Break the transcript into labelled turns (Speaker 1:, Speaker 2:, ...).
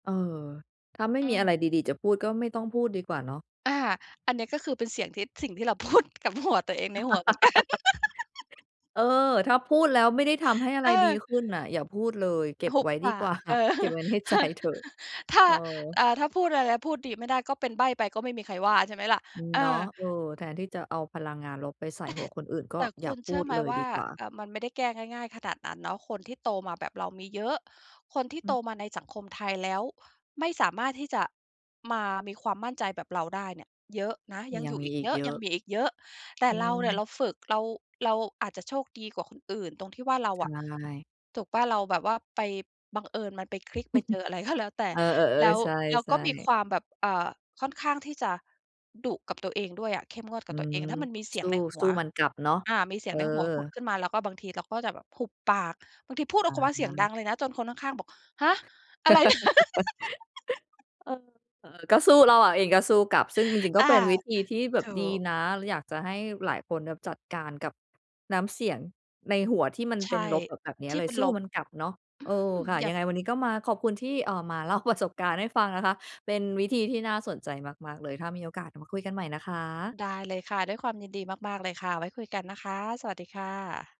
Speaker 1: เออ ถ้าไม่
Speaker 2: อื
Speaker 1: มีอะไร
Speaker 2: ม
Speaker 1: ดี ๆ จะพูด ก็ไม่ต้องพูดดีกว่าเนาะ
Speaker 2: อา อันเนี้ยก็คือเป็นเสียงทิด สิ่งที่เรา พูด กับหัวตัวเองในหัวเหมือน กัน
Speaker 1: เออ ถ้าพูดแล้วไม่ได้ทำให้อะไร
Speaker 2: เ
Speaker 1: ดี
Speaker 2: ออ
Speaker 1: ขึ้นน่ะอย่าพูดเลย เก็บ
Speaker 2: หุบ
Speaker 1: ไว้
Speaker 2: ป
Speaker 1: ดี
Speaker 2: า
Speaker 1: กว
Speaker 2: ก
Speaker 1: ่า
Speaker 2: เออ
Speaker 1: เก็บไว้ใน
Speaker 2: ถ
Speaker 1: ใจ
Speaker 2: ้า
Speaker 1: เถอะ
Speaker 2: ถ้า
Speaker 1: เออ
Speaker 2: อ่า ถ้าพูดอะไร พูดดีไม่ได้ก็เป็นใบ้ไป ก็ไม่มีใครว่า ใช่ไหมล่ะ?
Speaker 1: อือ
Speaker 2: เออ
Speaker 1: เนาะ เออ แทนที่จะเอาพลังงานลบไปใส่
Speaker 2: แต่
Speaker 1: หัวคนอื่น ก
Speaker 2: แ
Speaker 1: ็
Speaker 2: ต่
Speaker 1: อย
Speaker 2: ค
Speaker 1: ่
Speaker 2: ุ
Speaker 1: า
Speaker 2: ณ
Speaker 1: พ
Speaker 2: เช
Speaker 1: ู
Speaker 2: ื่อ
Speaker 1: ด
Speaker 2: ไหม
Speaker 1: เลย
Speaker 2: ว่
Speaker 1: ด
Speaker 2: า
Speaker 1: ีกว่า
Speaker 2: อ่า มันไม่ได้แก้ง่าย ๆ ขนาดนั้นเนาะ คนที่โตมาแบบเรามีเยอะ คนที่
Speaker 1: อ
Speaker 2: โ
Speaker 1: ื
Speaker 2: ต
Speaker 1: ม
Speaker 2: มาในสังคมไทย แล้วไม่สามารถที่จะมามีความมั่นใจแบบเราได้เนี่ยเยอะนะ ยัง
Speaker 1: ย
Speaker 2: อ
Speaker 1: ั
Speaker 2: ย
Speaker 1: ง
Speaker 2: ู่
Speaker 1: มี
Speaker 2: อีก
Speaker 1: อี
Speaker 2: เย
Speaker 1: ก
Speaker 2: อะ
Speaker 1: เยอ
Speaker 2: ยัง
Speaker 1: ะ
Speaker 2: มีอีกเยอะ แต่
Speaker 1: อื
Speaker 2: เราเนี่ย เ
Speaker 1: ม
Speaker 2: ราฝึก เรา เราอาจจะโชคดีกว่าคนอื่นตรงที่ว่าเรา
Speaker 1: ใช
Speaker 2: อะ
Speaker 1: ่
Speaker 2: ถูกเปล่า เราแบบว่าไป บังเอิญมันไปคลิกไปเจออะไร ก็ แล้วแต่
Speaker 1: เออ
Speaker 2: แล้
Speaker 1: ๆ
Speaker 2: ว
Speaker 1: ๆ ใช
Speaker 2: แล้วก
Speaker 1: ่
Speaker 2: ็มีค
Speaker 1: ๆ
Speaker 2: วามแบบ อ่า ค่อนข้างที่จะดุกับตัวเองด้วยอะ เข้มงวดก
Speaker 1: อ
Speaker 2: ั
Speaker 1: ื
Speaker 2: บตัวเอ
Speaker 1: ม
Speaker 2: ง ถ้ามันมีเสี
Speaker 1: ส
Speaker 2: ย
Speaker 1: ู
Speaker 2: ง
Speaker 1: ้
Speaker 2: ในหั
Speaker 1: ส
Speaker 2: ว
Speaker 1: ู้มันกลับเนาะ
Speaker 2: อา มีเส
Speaker 1: เ
Speaker 2: ี
Speaker 1: อ
Speaker 2: ยงในหัวผุด
Speaker 1: อ
Speaker 2: ขึ้นมา แล้วก็บางทีเราก็จะแบบหุบปาก บางทีพูดอ
Speaker 1: อ
Speaker 2: อ
Speaker 1: ะ
Speaker 2: ก ก ว่าเสี
Speaker 1: ฮ
Speaker 2: ยง
Speaker 1: ะ
Speaker 2: ดังเลยนะ จนคนข้าง ๆ บอก "ฮะ! อะไร นะ?"
Speaker 1: เออ เออ ก็สู้ เราอะเองก็สู้กลับ ซึ่งจริง ๆ ก
Speaker 2: อ
Speaker 1: ็
Speaker 2: า
Speaker 1: เป็นวิธีที่แบ
Speaker 2: ถ
Speaker 1: บ
Speaker 2: ู
Speaker 1: ดี
Speaker 2: ก
Speaker 1: นะ เลยอยากจะให้หลายคนแบบจัดการกับน้ำเสียงในหัวที่มัน
Speaker 2: ใช
Speaker 1: เป็น
Speaker 2: ่
Speaker 1: ลบ แบบ แบบเนี้
Speaker 2: ท
Speaker 1: ย
Speaker 2: ี่
Speaker 1: เล
Speaker 2: เ
Speaker 1: ย
Speaker 2: ป็น
Speaker 1: สู้
Speaker 2: ลบ
Speaker 1: มันก
Speaker 2: อ
Speaker 1: ลับเนาะ เออ
Speaker 2: ืม
Speaker 1: ค่ะ
Speaker 2: หยั
Speaker 1: ยั
Speaker 2: บ
Speaker 1: งไงวันนี้ก็มาขอบคุณที่ อ่า มาเล่า ประ สบการณ์ให้ฟังนะคะ เป็นวิธีที่น่าสนใจมาก ๆ เลย ถ้ามีโอกาสมาคุยกันใหม่นะคะ
Speaker 2: ได้เลยค่ะ ด้วยความยินดีมาก ๆ เลยค่ะ ไว้คุยกันนะคะ สวัสดีค่ะ